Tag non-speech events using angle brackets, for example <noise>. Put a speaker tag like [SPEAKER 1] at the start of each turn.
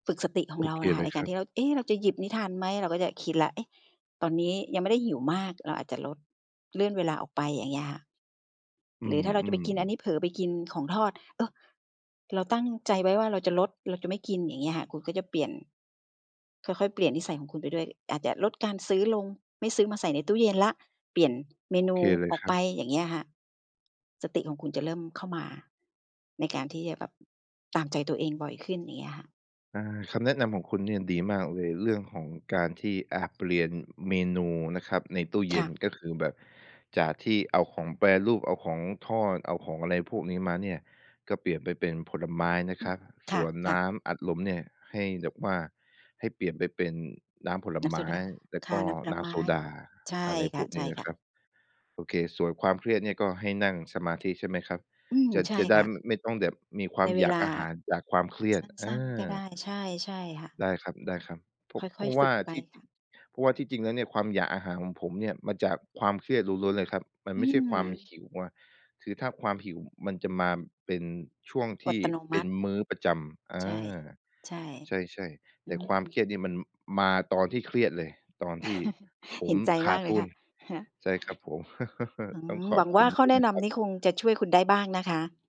[SPEAKER 1] ฝึกสติข
[SPEAKER 2] โ
[SPEAKER 1] อ
[SPEAKER 2] อ
[SPEAKER 1] งเรา
[SPEAKER 2] เค
[SPEAKER 1] น่ะค่
[SPEAKER 2] เล
[SPEAKER 1] ะ
[SPEAKER 2] ย
[SPEAKER 1] ในก
[SPEAKER 2] ค
[SPEAKER 1] าร
[SPEAKER 2] รั
[SPEAKER 1] ที
[SPEAKER 2] บ
[SPEAKER 1] ่เรา เอ๊ เราจะหยิบนี้ทานไหม เราก็จะคิดแล้ว เอ๊ะ! ตอนนี้ยังไม่ได้หิวมาก เราอาจจะลด เลื่อนเวลาออกไป อย่างเงี้ยค่ะ
[SPEAKER 2] อื
[SPEAKER 1] หรือถ้าเราจะไป
[SPEAKER 2] ม
[SPEAKER 1] กินอันน
[SPEAKER 2] ๆ
[SPEAKER 1] ี้ เผลอไปกินของทอด เออ เราตั้งใจไว้ว่าเราจะลด เราจะไม่กิน อย่างเงี้ยค่ะ คุณก็จะเปลี่ยน ค่อย ๆ เปลี่ยนนิสัยของคุณไปด้วย อาจจะลดการซื้อลง ไม่ซื้อมาใส่ในตู้เย็นแล้ว เปลี่ยนเม
[SPEAKER 2] โอ
[SPEAKER 1] นู
[SPEAKER 2] เคเลย
[SPEAKER 1] ออ
[SPEAKER 2] ค
[SPEAKER 1] ก
[SPEAKER 2] รั
[SPEAKER 1] ไป
[SPEAKER 2] บ
[SPEAKER 1] อย่างเงี้ยค่ะ สติของคุณจะเริ่มเข้ามา ในการที่จะแบบตามใจตัวเองบ่อยขึ้น อย่างเงี้ยค่ะ
[SPEAKER 2] อา คำแนะนำของคุณเนี่ยดีมากเลย เรื่องของการที่ อา เปลี่ยนเมนูนะครับในตู้เย
[SPEAKER 1] ค
[SPEAKER 2] ็
[SPEAKER 1] ่
[SPEAKER 2] น
[SPEAKER 1] ะ
[SPEAKER 2] ก็คือแบบจากที่เอาของแปรรูป เอาของทอด เอาของอะไรพวกนี้มาเนี่ย ก็เปลี่ยนไปเป็นผลไม้นะ
[SPEAKER 1] อื
[SPEAKER 2] ครั
[SPEAKER 1] ม
[SPEAKER 2] บ
[SPEAKER 1] ค
[SPEAKER 2] ส่วนน
[SPEAKER 1] ่ะ
[SPEAKER 2] ้
[SPEAKER 1] ๆ
[SPEAKER 2] ำอัดลมเนี่ยให้แบบว่า ให้เปลี่ยนไปเป็นน้ำผล
[SPEAKER 1] น้ำ
[SPEAKER 2] ไม
[SPEAKER 1] โซ
[SPEAKER 2] ้
[SPEAKER 1] ดา
[SPEAKER 2] แล้ว
[SPEAKER 1] ค่
[SPEAKER 2] ก
[SPEAKER 1] ะ
[SPEAKER 2] ็
[SPEAKER 1] น้ำผล
[SPEAKER 2] น้
[SPEAKER 1] ไม
[SPEAKER 2] ำโซ
[SPEAKER 1] ้
[SPEAKER 2] ดา
[SPEAKER 1] ใช่
[SPEAKER 2] อะไร
[SPEAKER 1] ค
[SPEAKER 2] พวกนี้นะ
[SPEAKER 1] ่
[SPEAKER 2] ค
[SPEAKER 1] ะ
[SPEAKER 2] ร
[SPEAKER 1] ๆ
[SPEAKER 2] ับ โอเค ส่วนความเครียดเนี่ย ก็ให้นั่งสมาธิ ใช่ไหมครับ
[SPEAKER 1] อืม
[SPEAKER 2] จะ
[SPEAKER 1] ใช่
[SPEAKER 2] จะได
[SPEAKER 1] ค
[SPEAKER 2] ้
[SPEAKER 1] ่ะ
[SPEAKER 2] ไม่ต้องแบบมีควา
[SPEAKER 1] ใน
[SPEAKER 2] ม
[SPEAKER 1] เว
[SPEAKER 2] อยาก
[SPEAKER 1] ลา
[SPEAKER 2] อาหารจากความเครีย
[SPEAKER 1] ส
[SPEAKER 2] ด อ
[SPEAKER 1] ั้น ๆ ก็
[SPEAKER 2] า
[SPEAKER 1] ได้ ใช่ ใช่ค่ะ
[SPEAKER 2] ได้ครับ ๆ เพรา
[SPEAKER 1] ค
[SPEAKER 2] ะ
[SPEAKER 1] ่
[SPEAKER 2] เพร
[SPEAKER 1] อย
[SPEAKER 2] าะว
[SPEAKER 1] ๆ ฝ
[SPEAKER 2] ่
[SPEAKER 1] ึ
[SPEAKER 2] า
[SPEAKER 1] กไป
[SPEAKER 2] ที่จ
[SPEAKER 1] ค
[SPEAKER 2] ริ
[SPEAKER 1] ่
[SPEAKER 2] ง
[SPEAKER 1] ะ
[SPEAKER 2] เพราะว่าที่จริงแล้วเนี่ยความอยากอาหารของผมเนี่ยมาจากความเครียดล้วน ๆ เลยครับ มัน
[SPEAKER 1] อื
[SPEAKER 2] ไม่ใช่ความ
[SPEAKER 1] ม
[SPEAKER 2] หิวอะ คือถ้าความหิวมันจะมาเป็นช่วงท
[SPEAKER 1] อด
[SPEAKER 2] ี่
[SPEAKER 1] ตะโนม
[SPEAKER 2] เป็
[SPEAKER 1] ั
[SPEAKER 2] น
[SPEAKER 1] ติ
[SPEAKER 2] มื้อประจำ อ
[SPEAKER 1] ใ
[SPEAKER 2] า
[SPEAKER 1] ช่ ใช่
[SPEAKER 2] ใช่ ๆ แ
[SPEAKER 1] อ
[SPEAKER 2] ต
[SPEAKER 1] ื
[SPEAKER 2] ่ความเคร
[SPEAKER 1] ม
[SPEAKER 2] ียดเนี่ยมันมาตอนที่เครียดเลย ตอนที่
[SPEAKER 1] <chuckles>
[SPEAKER 2] ผ
[SPEAKER 1] เห
[SPEAKER 2] ม
[SPEAKER 1] ็นใจ
[SPEAKER 2] ข
[SPEAKER 1] ม
[SPEAKER 2] า
[SPEAKER 1] า
[SPEAKER 2] ด
[SPEAKER 1] กเล
[SPEAKER 2] ท
[SPEAKER 1] ย
[SPEAKER 2] ุ
[SPEAKER 1] ค่
[SPEAKER 2] น
[SPEAKER 1] ะ <chuckles>
[SPEAKER 2] ใช่ครับผม
[SPEAKER 1] อื
[SPEAKER 2] <chuckles> ต้อง
[SPEAKER 1] ม
[SPEAKER 2] ขอ
[SPEAKER 1] หว
[SPEAKER 2] บ
[SPEAKER 1] ัง
[SPEAKER 2] ค
[SPEAKER 1] ว
[SPEAKER 2] ุ
[SPEAKER 1] ่า
[SPEAKER 2] ณ
[SPEAKER 1] ข้
[SPEAKER 2] ด
[SPEAKER 1] อ
[SPEAKER 2] ้วย
[SPEAKER 1] แน
[SPEAKER 2] น
[SPEAKER 1] ะ
[SPEAKER 2] ะ
[SPEAKER 1] น
[SPEAKER 2] ครั
[SPEAKER 1] ำ
[SPEAKER 2] บ
[SPEAKER 1] นี้คงจะช่วยคุณได้บ้างนะคะ